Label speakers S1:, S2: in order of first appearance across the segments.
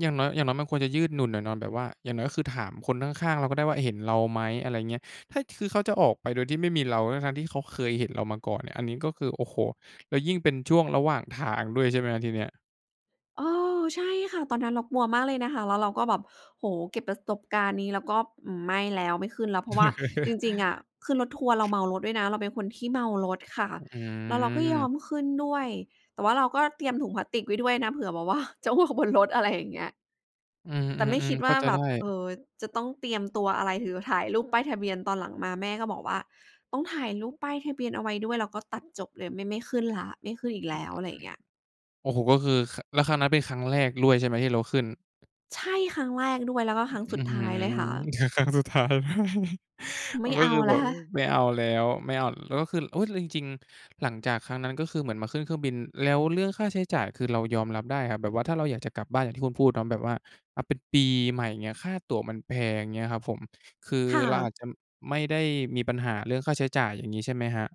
S1: อย่างน้อย อย่างน้อยมันควรจะยืดหยุ่นหน่อยเนาะแบบว่าอย่างน้อย ก็คือถามคนข้าง ๆ เราก็ได้ว่าเห็นเราไหม อะไรอย่างเงี้ย ถ้าคือเขาจะออกไปโดยที่ไม่มีเรา ทั้ง ๆ ที่เขาเคยเห็นเรามาก่อน อันนี้ ก็คือ โอ้โฮ! แล้วยิ่งเป็นช่วงระหว่างทางด้วยใช่ไหมครับ? ทีเนี้ย
S2: เออ ใช่ค่ะ ตอนนั้นเรากลัวมากเลยนะคะ แล้วเราก็แบบ โอ้โฮ เก็บประสบการณ์นี้ แล้วก็ไม่แล้วไม่ขึ้นแล้ว เพราะว่าจริง ๆ อะขึ้นรถทัวร์เราเมารถด้วยนะ เราเป็นคนที่เมารถค่ะ
S1: อ
S2: แล้วเราก็ย
S1: ืม
S2: อมขึ้นด้วย แต่ว่าเราก็เตรียมถุงพลาสติกไว้ด้วยนะ เผื่อแบบ ว่าจะอ้วกบนรถ อะไรอย่างเงี้ย
S1: อื
S2: แต่ไม่ค
S1: อ
S2: ิ
S1: ๆ
S2: ด
S1: ๆ เข
S2: ว
S1: ้
S2: ่
S1: า
S2: า
S1: ใจ
S2: แบ
S1: ได้
S2: บ เออ จะต้องเตรียมตัวอะไร หรือถ่ายรูปป้ายทะเบียน ตอนหลังมาแม่ก็บอกว่า ต้องถ่ายรูปป้ายทะเบียนเอาไว้ด้วย แล้วก็ตัดจบเลย ไม่ ไม่ขึ้นแล้ว ไม่ขึ้นอีกแล้ว อะไรอย่างเงี้ย
S1: โอ้โฮ! ก็คือ ค แล้วครั้งนั้นเป็นครั้งแรกด้วยใช่ไหมที่เราขึ้น?
S2: ใช่ ครั้งแรกด้วย แล้วก็ครั้ง
S1: อื
S2: สุ
S1: ้
S2: ด
S1: อ
S2: ท
S1: ฮ
S2: ้า
S1: ื
S2: ยเลย
S1: อ
S2: ค่ะ
S1: ค ครั้งสุดท้ายด้วย
S2: ไ
S1: ม
S2: ม
S1: ั
S2: ่
S1: นก
S2: เ
S1: ็
S2: อา
S1: คือ
S2: แ
S1: แ
S2: ล
S1: บ
S2: ้ว
S1: บไม่เอาแล้ว ไม่เอา แล้วก็คือ เฮ้ย แล้วจริง ๆ หลังจากครั้งนั้น ก็คือเหมือนมาขึ้นเครื่องบิน แล้วเรื่องค่าใช้จ่ายคือเรายอมรับได้เหรอครับแบบว่า ถ้าเราอยากจะกลับบ้านอย่างที่คุณพูดเนาะแบบว่า อา เป็นปีใหม่อย่างเงี้ย ค่าตั๋วมันแพงเงี้ยครับผม คือ
S2: ค่
S1: เราอา
S2: ะ
S1: จจะไม่ได้มีปัญหาเรื่องค่าใช้จ่ายอย่างงี้ใช่ไหมครับ?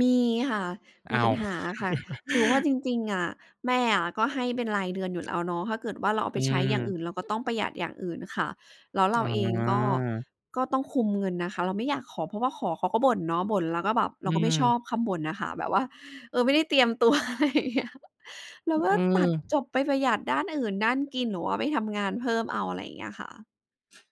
S2: มีค่ะ ม
S1: อ้
S2: ี
S1: า
S2: ปั
S1: ว!
S2: ญหาค่ะ คือว่าจริง ๆ อะ แม่อะก็ให้เป็นรายเดือนอยู่แล้วเนาะ ถ้าเกิดว่าเราเอา
S1: อื
S2: ไปใช้อย่าง
S1: อ
S2: อื่น เราก็ต้องประหยัดอย่างอื่นค่ะ แล้วเราเองก็
S1: อา
S2: ก็ต้องคุมเงินนะคะ เราไม่อยากขอ เพราะว่าขอเขาก็บ่นเนาะ บ่นแล้วก็แบบเ
S1: อ
S2: ร
S1: ื
S2: าก็ไม่ช
S1: อ
S2: อบคำบ่นน่ะค่ะแบบว่า เออ ไม่ได้เตรียมตัว อะไรอย่างเงี้ย เราก็
S1: อื
S2: ตั
S1: อ
S2: ดจบไปประหยัดด้านอื่น ด้านกิน หรือว่าไปทำงานเพิ่มเอา อะไรอย่างเงี้ยค่ะ